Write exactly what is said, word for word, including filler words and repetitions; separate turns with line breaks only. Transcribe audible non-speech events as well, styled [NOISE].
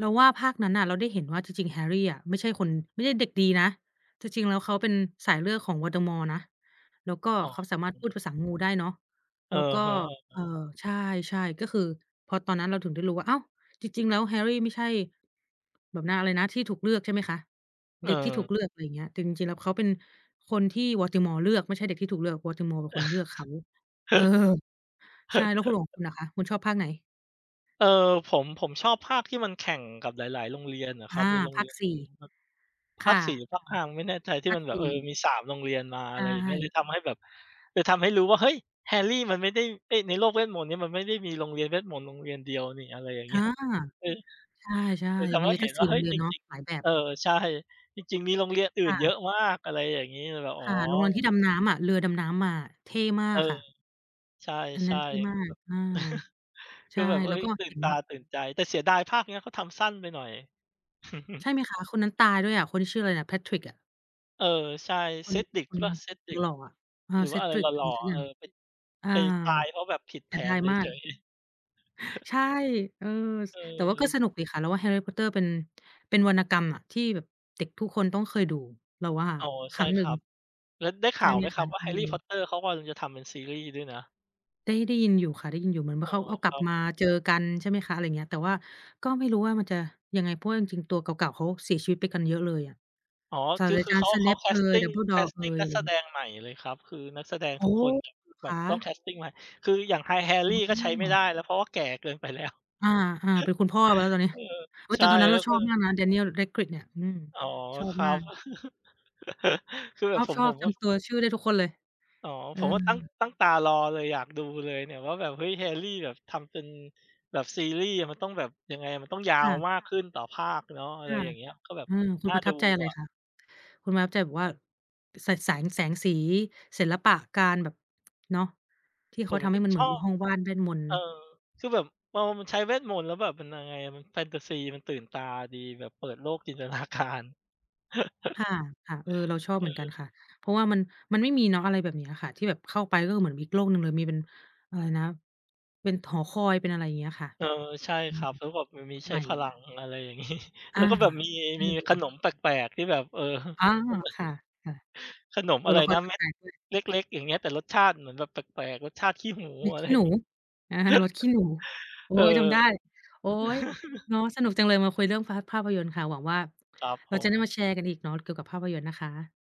เราว่าภาคนั้นน่ะเราได้เห็นว่าจริง ๆ Harry อะไม่ใช่คน ไม่ใช่เด็กดีนะ ที่จริงแล้วเขาเป็นสายเลือดของ Voldemort นะ แล้วก็
อ๋อ
เขาสามารถพูดภาษางูได้เนาะ
อื
แล้ว
อ
ก็
ฮึ
เอ่อ
ๆ
ใช่ ๆ ก็คือ พอตอนนั้นเราถึงได้รู้ว่า อ้าว จริง ๆ แล้ว Harry ไม่ใช่ แบบ นะ อะไรนะ ที่ถูกเลือก ใช่ไหมคะ?
เ
เด็กที่ถู
ออ
กเลือก ไรเงี้ย แต่จริง ๆ แล้วเขาเป็นคนที่ โวลติมอร์ เลือก ไม่ใช่เด็กที่ถูกเลือก วอติมอร์ เป็นคนเลือกเขา เออ! ใช่ แล้วคุณล่ะ? ของค
[LAUGHS]
ุณล่ะคะ คุณชอบภาคไหน?
เออ ผม ผมชอบภาคที่มันแข่งกับหลาย ๆ โรงเรียนน่ะค
อ
รับ
า
มีโรง
ภ
เ
า
รี
ค
ยน
ส
อ
ี
ื่
่
นอะครับ ภ
ค
า
่
ค
ะ
สี่ หรือภาค ห้า มั้งไม่แน่ใจ ที
ภ
่
า
ม
ค
ันแบ
ส
บ
ี
เออ
่
มี สาม โรงเรียนมา
ใ
อ
ช
ะไรอย่างเงี้ย เล
่
ยทำให้แบบ เลยทำให้รู้ว่า เฮ้ย Harry มันไม่ได้ ไอ้ ในโลกเวทมนต์เนี่ยมันไม่ได้มีโรงเรียนเวทมนตร์โรงเรียนเดียวนี่ อะไรอย่าง
อ
เงี
า
้ย เออ
ใช่
เออ ท
ๆ
ำ
ม
ใ
ี
ห้
ต
เ
ั
ห็
้
น
ง สี
ว่
่
า
โ
เ
ร
ฮ้
ง
ย
เรีย
จ
นเนาะ
ริง
หลายแบ
ๆ เอ
บ
อ ใช่ จริง ๆ มีโรงเรียนอื่
ค
น
่
เ
ะ
ยอะมาก อะไรอย่างงี้ เลยแบบ อ๋
ค
อ
่ะ โรงรอน ที่ดำน้ำอะ เรือดำน้ำมาอะ เท่ม
เ
า
อ
ก
อ
ค่ะ
ใช่
อัน
ๆ แ
นั้นเท่มา
บ
ก อา
บ [CHUCKLES]
ใ
ค
ช
ือ
่
แบบ เฮ
แล
้
้ว
ย
ก็
ตื่
เห
น
็น
ตา
แบบ
ตื่นใจ แต่เสียดายภาคเนี้ยเขาทำสั้นไปหน่อย
ใ
[CHUCKLES]
ช่ไหมคะ? คนนั้นตายด้วยอะ คนที่ชื่ออะไรน่ะ Patrick อะ
เออ ใช่
คน
Cedric
ค
หรือเ
น
ปล่า? Cedric
หล่ออะ อา
หรือว่าอะไรห
Cedric
ล
อะ
่
ไร
อ
สั
ๆ
ก
อะ
อ
เ
ย
อ
่า
อ
ง
ไป
อา
ไปตายเพราะแบบผิด
เ
แ
ส
ผ
ียดา
น
ย
เ
มา
ฉ
ก
ย ๆ [CHUCKLES]
ใช่ เออ ส
เ
แต่ว่าก็
ออ
สนุกดีค่ะ เราว่า Harry Potter เป็น เป็นวรรณกรรมอะ ที่แบบเด็กทุกคนต้องเคยดู เราว่า
อ๋อ
ค
ใช
ร
่
ั้ง
ค
หนึ่
รั
ง
บ แล้วได้ข
ใช
่
่
าว
ไห
ไ
ม
หมค
ค
รั
ะ?
บว่า
อื
Harry
ม
Potter เขากำลังจะทำเป็นซีรีส์ด้วยนะ?
ได้ ได้ยินอยู่ค่ะ ได้ยินอยู่ เหมือนว
อ๋
่า
อ
เขาเอาก
ค
ลั
ร
บ
ับ
มาเจอกัน ใช่ไหมคะ อะไรเงี้ย แต่ว่าก็ไม่รู้ว่ามันจะยังไง เพราะว่าจริง ๆ ตัวเก่า ๆ เขาเสียชีวิตไปกันเยอะเลยอะ
อ๋อ
ศา
ค
ส
ื
ต
อ
รา
คื
จ
อ
า
เ
ร
ข
ย์
า เขา
Snape
แค
เอย
สติง แค
Dumbledore
ส
เอ
ติง
ย
นัก
ไร
แส
เงี
ด
้ย
งใหม่เลยครับ คือนักแสดง
โอ้
ทุกคนแบบ
เหรอ
แบ
ค
บต้องแ
ะ?
คสติงใหม่ คืออย่าง Hi
อ
Harry
๋
ก็ใช้ไม่ได
อ
้แล้ว เพราะว่าแก่เกินไป แล้ว [CHUCKLES]
อา ๆ เป็นคุณพ่อไปแล้วตอนนี้
เออ
โอ้
ใช
แ
่
ต่ตอนนั้น
แ
เ
ล
ร
้
า
ว
ช
ก็
อบ
เลย
มากนะ Daniel Radcliffe เนี่ย อืม
อ๋อ
ชอบ
ครั
มา
บ
ก
[CHUCKLES] คือแบบผ
ช
ม
อ
ผ
บ
ม
ๆ จ
ก็
ำตัว ชื่อได้ทุกคนเลย
อ๋อ
เอ
ผมก็ตั้ง
อ
ตั้งตารอเลย อยากดูเลยเนี่ยว่า แบบ เฮ้ย Harry แบบ ทำเป็นแบบซีรีส์อะมันต้องแบบ ยังไงอะ มันต้องยา
ค
ว
่ะ
มากขึ้นต่อภาคเนาะ อะ
ค
ไร
่ะ
อย่างเงี้ย ก็แบบ
อืม คุ
น
ณ
่า
ประ
ด
ทั
ู
บใจอะไร
อะ
คะ? คุณประทับใจแบบว่า ส แสง แสงสี ศิลปะการแบบ เนาะ ที่เ
ผ
ขา
ม
ทำ
ก
ให
็
้มันเ
ช
หมือ
อ
นมี
บ
ห้องว่าน เวทมนตร์
เออ คือแบบตอนมันใช้เวทมนตร์ แล้วแบบ มันยังไงอะ มันแฟนทาซี มันตื่นตาดี แบบเปิดโลก จินตนาการ
ค
[CHUCKLES]
่ะ ๆ เออ เราชอบ
เ
เหมือนกั
อ
น
อ
ค่ะ เพราะว่ามัน มันไม่มีเนาะ อะไรแบบเนี้ยค่ะ ที่แบบเข้าไปแล้วก็เหมือนมีอีกโลกหนึ่งเลย มีเป็น อะไรนะ เป็นหอคอย เป็นอะไรอย่างเงี้ยค่ะ
เออ ใช่
อื
ค
อ
รับ แล้วแบบมันมี
ใ
ใช
ห
้
ม่
พลั
อะ
ง อะไรอย่าง งี้ แ
อ
ล้
า
วก็แบบมี
ใช่
มี
เล
ข
ย
นมแปลก ๆ ที่แบบ เออ [CHUCKLES]
อ๋อ ค่ะ
ขนม
ๆ ต
อ
ั
ะ
ว
ไร
ละค
น
ร
ะ
แ
เม็ด
ปลก ๆ ด้วย
เล็ก ๆ อย่างเงี้ย แต่รสชาติเหมือนแบบแปลก ๆ รสชาติขี้หู
มี
อะ
ข
ไร
ี้หนู
งี้
อา รสขี้หนู
[CHUCKLES]
โอ๊
เออ
ย จำได้ โอ๊ย
[CHUCKLES]
เนาะ สนุกจังเลยมาคุยเรื่องฟา ภาพยนตร์ค่ะ หวังว่า
ครับ
เร
ผ
าจะได้
ม
มาแชร์กันอีกเนาะ เกี่ยวกับภาพยนตร์นะคะ